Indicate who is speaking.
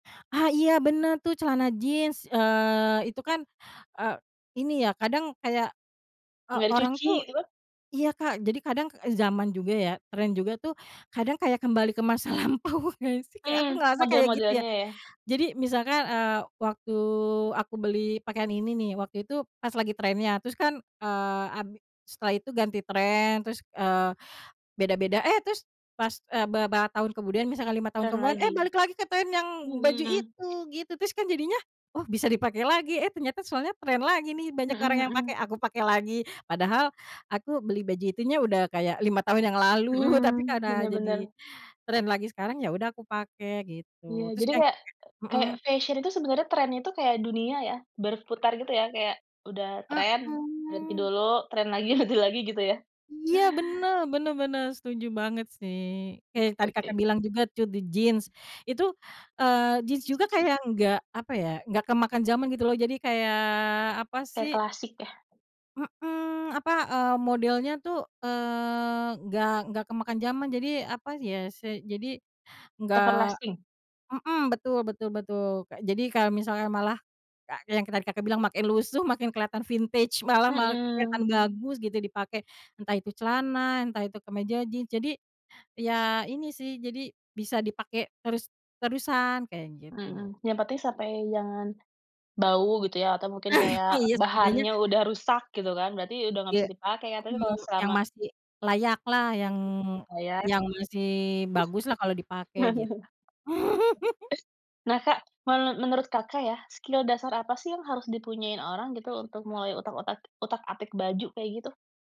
Speaker 1: Ah, iya bener tuh celana jeans, eee, itu kan, eee, ini ya kadang kayak, eee,
Speaker 2: Nggak
Speaker 1: orang
Speaker 2: dicuci
Speaker 1: tuh
Speaker 2: itu mah.
Speaker 1: iya, Kak, jadi kadang, e zaman juga ya, trend juga tuh kadang kayak kembali ke masa lampau nggak sih? Kayak
Speaker 2: Hmm,
Speaker 1: aku ngerasa kayak gitu ya.
Speaker 2: model-modelnya ya?
Speaker 1: Jadi misalkan, eee, waktu aku beli pakaian ini nih, waktu itu pas lagi trend-nya, terus kan, eee, ad setelah itu ganti trend, terus, eee, beda-beda, eh terus pas, eee, beberapa tahun kemudian misalkan 5 tahun
Speaker 2: Dan
Speaker 1: kemudian, eh
Speaker 2: lagi,
Speaker 1: balik lagi ke trend yang baju
Speaker 2: mhm.
Speaker 1: itu, gitu. Terus kan jadinya oh, bisa dipakai lagi eh ternyata soalnya trend lagi nih, banyak orang
Speaker 2: Mhm,
Speaker 1: yang pakai,
Speaker 2: mhm.
Speaker 1: aku pakai lagi. Padahal aku beli baju itunya udah kayak 5 tahun yang lalu tapi
Speaker 2: Mhm,
Speaker 1: karena
Speaker 2: bener
Speaker 1: jadi
Speaker 2: bener.
Speaker 1: trend lagi sekarang, ya udah aku pakai,
Speaker 2: Iya,
Speaker 1: gitu. Terus
Speaker 2: jadi
Speaker 1: nyampe
Speaker 2: kayak kayak
Speaker 1: mhm.
Speaker 2: fesyen itu sebenarnya trend-nya itu kayak dunia ya? Berputar gitu ya? Kayak udah trend, ganti
Speaker 1: Mhm.
Speaker 2: dulu, trend lagi, ganti lagi, gitu ya?
Speaker 1: Iya bener bener bener, setuju banget sih. Kayak
Speaker 2: Oke
Speaker 1: tadi,
Speaker 2: oke.
Speaker 1: Kakak, bilang juga tuh di jeans. Itu, eee, jeans
Speaker 2: Is,
Speaker 1: juga
Speaker 2: is.
Speaker 1: kayak enggak, apa ya enggak kemakan jaman gitu loh, jadi kayak, apa
Speaker 2: Kayak
Speaker 1: sih
Speaker 2: klasik ya?
Speaker 1: mhm, apa, eee, modelnya tuh, eee, nggak nggak kemakan jaman, jadi apa ya sih jadi enggak
Speaker 2: Everlasting.
Speaker 1: mhm, betul betul betul, Kak, jadi kalau misalnya malah ka kayak yang tadi, Kakak, bilang makin lusuh makin kelihatan vintage, malah ma kelihatan
Speaker 2: Mhm.
Speaker 1: bagus gitu dipakai, entah itu celana, entah itu kemeja jeans, jadi ya ini sih, jadi bisa dipakai terus terusan, kayak gitu.
Speaker 2: Mhm, yang penting sampai jangan bau gitu ya, atau mungkin kayak
Speaker 1: Ah iya, setidaknya
Speaker 2: bahannya udah rusak, gitu kan? Berarti udah nggak
Speaker 1: Iya,
Speaker 2: bisa dipakai ya. Tapi
Speaker 1: mhm,
Speaker 2: kalau
Speaker 1: yang
Speaker 2: selama
Speaker 1: masih layak lah, yang
Speaker 2: Oh, ya?
Speaker 1: yang masih bagus lah kalau dipakai git
Speaker 2: Nah, Kak, menu menurut, Kakak, ya, skill dasar apa sih yang harus dipunyaiin orang gitu untuk mulai utak-utak utak-atik baju kayak gitu?